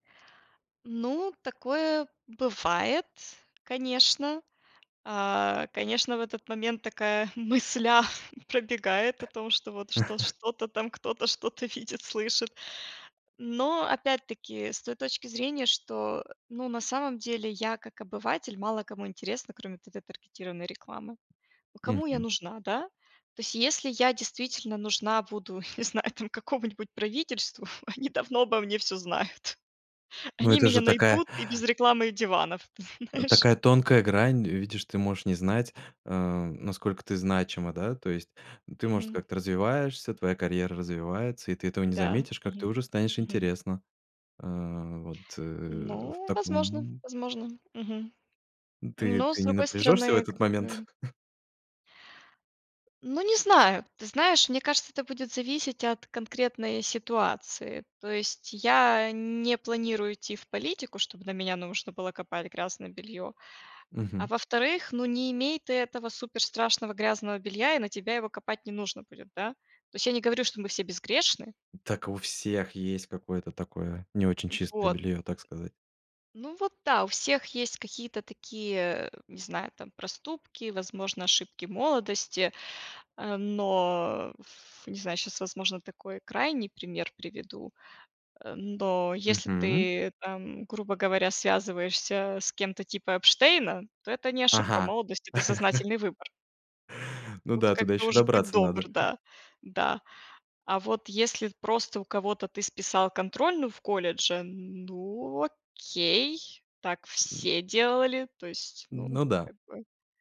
Ну, такое бывает, конечно. А, конечно, в этот момент такая мысля пробегает о том, что вот что что-то там кто-то что-то видит, слышит. Но опять-таки, с той точки зрения, что, ну, на самом деле я, как обыватель, мало кому интересна, кроме вот этой таргетированной рекламы, ну, кому я Мгм. нужна, да? То есть если я действительно нужна буду, не знаю там, какому-нибудь правительству, они давно обо мне всё знают, Ну, они это меня же такая найдут и без рекламы, и диванов, знаешь. такая тонкая грань, видишь, ты можешь не знать, э, насколько ты значима, да, то есть ты, может, Мгм. как-то развиваешься, твоя карьера развивается, и ты этого не Да, заметишь, как ты мгм, уже станешь мгм. интересна. А, вот, э, в Ну, возможно таком возможно. Мгм. Ты Но ты с не другой напряжешься в стороны этот как момент? бы Ну, не знаю, ты знаешь, мне кажется, это будет зависеть от конкретной ситуации, то есть я не планирую идти в политику, чтобы на меня нужно было копать грязное белье, а Мгм. во-вторых, ну, не имей ты этого супер страшного грязного белья, и на тебя его копать не нужно будет, да. То есть я не говорю, что мы все безгрешны. Так у всех есть какое-то такое не очень чистое Вот. белье, так сказать. Ну, вот да, у всех есть какие-то такие, не знаю там, проступки, возможно, ошибки молодости, э, но, в не знаю, щас, возможно, такой крайний пример приведу, э, но если Мгм. ты там, грубо говоря, связываешься с кем-то типа Эпштейна, то это не ошибка Ага. молодости, это сознательный выбор. Ну Тут да, туда как бы еще уж, будь добраться добр, надо. да, да. А вот если просто у кого-то ты списал контрольную в колледже, ну, окей, так все делали, то есть, ну, Ну да. как бы